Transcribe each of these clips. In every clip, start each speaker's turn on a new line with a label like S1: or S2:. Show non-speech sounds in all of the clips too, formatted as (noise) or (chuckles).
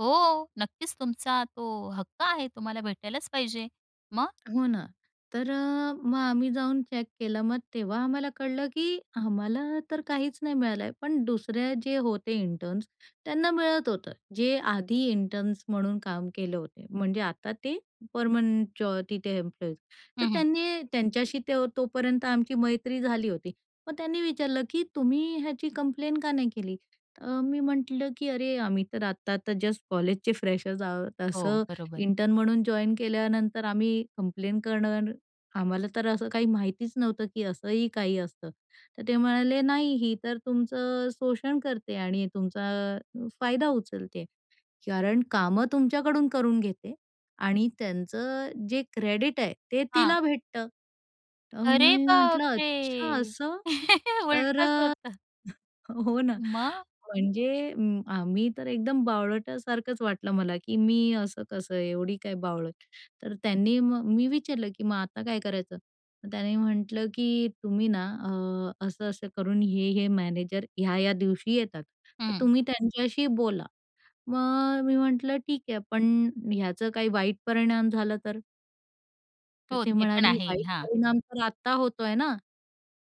S1: हो, नक्कीच तुमचा तो हक्क आहे. तुम्हाला भेटायलाच पाहिजे. मग?
S2: हो ना. तर अ, मग आम्ही जाऊन चेक केलं मग तेव्हा आम्हाला कळलं की आम्हाला तर काहीच नाही मिळालं आहे पण दुसऱ्या जे होते इंटर्न्स त्यांना मिळत होतं. जे आधी इंटर्न्स म्हणून काम केले होते म्हणजे आता ते परमनंटच तिथे एम्प्लॉईज. तर
S1: हं, हं.
S2: त्यांनी त्यांच्याशी ते तोपर्यंत आमची मैत्री झाली होती. मग त्यांनी विचारलं की "तुम्ही ह्याची कंप्लेन का नाही केली?" अ, मी म्हटलं की "अरे, आम्ही तर आता तर जस्ट कॉलेजचे फ्रेशर आहोत.
S1: हो,
S2: असं
S1: बरोबर.
S2: इंटर्न म्हणून जॉइन केल्यानंतर आम्ही कंप्लेन करणार, आम्हाला तर असं काही माहितीच नव्हतं की असंही काही असतं." तर ते म्हणाले, "नाही ही तर तुमचं अ, शोषण करते आणि तुमचा फायदा उचलते कारण कामं तुमच्याकडून करून घेते आणि त्यांचं जे क्रेडिट आहे ते
S1: हां.
S2: तिला भेटतं." तर
S1: अरे
S2: मी म्हटलं, "अच्छा
S1: बापरे!
S2: असं, तर"
S1: उलटच
S2: अ,
S1: होतं.
S2: (chuckles) हो ना.
S1: मग?
S2: म्हणजे अ, आम्ही तर एकदम बावळटासारखंच वाटलं मला की "मी असं कसं आहे एवढी काय बावळट?" तर त्यांनी मग मी विचारलं की "मग आता काय करायचं?" त्यांनी म्हटलं की "तुम्ही ना अ, असं-असं करून हे-हे मॅनेजर या-या दिवशी येतात, तर
S1: हं.
S2: तुम्ही त्यांच्याशी बोला." मग अ, मी म्हटलं "ठीक आहे, पण ह्याचं काही वाईट परिणाम झाला तर?" तर
S1: हो,
S2: ते
S1: ते पण
S2: म्हणाले,
S1: आहे.
S2: "वाईट
S1: हां.
S2: परिणाम तर आत्ता होतोय ना?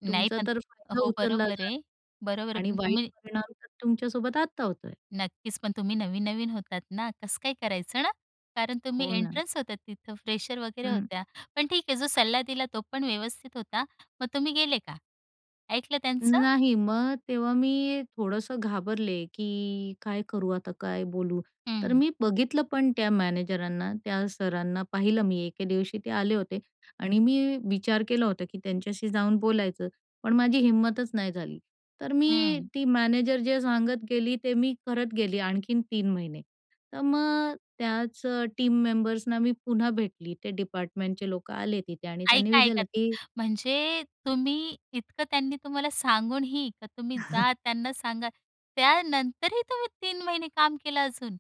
S1: नाही
S2: तुमचा
S1: पण
S2: तर फायदा
S1: हो
S2: उचलला
S1: बरोबर
S2: जात
S1: आहे. बरोबर आहे,
S2: आहे आणि
S1: पण
S2: वाईट
S1: तुम्ही
S2: परिणाम तुमच्यासोबत आत्ता होतोय."
S1: नक्कीच. पण तुम्ही नवीन-नवीन होतात ना कसं काय करायचं ना कारण तुम्ही
S2: हो ना.
S1: इंटर्न्स होता, तिथं फ्रेशर वगैरे
S2: हं.
S1: होत्या. पण ठीक आहे जो सल्ला दिला तो पण व्यवस्थित होता. मग तुम्ही गेले का ऐकलं त्यांचं?
S2: नाही. मग तेव्हा मी थोडंसं घाबरले की काय करू आता काय बोलू? तर
S1: हं.
S2: मी बघितलं पण त्या मॅनेजरांना त्या सरांना पाहिलं मी एके दिवशी ते आले होते आणि मी विचार केला होता की त्यांच्याशी जाऊन बोलायचं, पण माझी हिंमतच नाही झाली. तर मी
S1: हं.
S2: ती मॅनेजर जे सांगत गेली ते मी करत गेली आणखीन 3 महिने तर मग अ, त्याच टीम मेंबर्सना मी पुन्हा भेटली. ते डिपार्टमेंटचे लोक आले तिथे आणि त्यांनी
S1: ऐका, ऐका
S2: विचारलं,
S1: त
S2: की
S1: म्हणजे तुम्ही इतकं त्यांनी तुम्हाला सांगूनही, की तुम्ही जा,
S2: (chuckles)
S1: त्यांना सांगा. त्यानंतरही तुम्ही 3 महिने काम केलं अजून?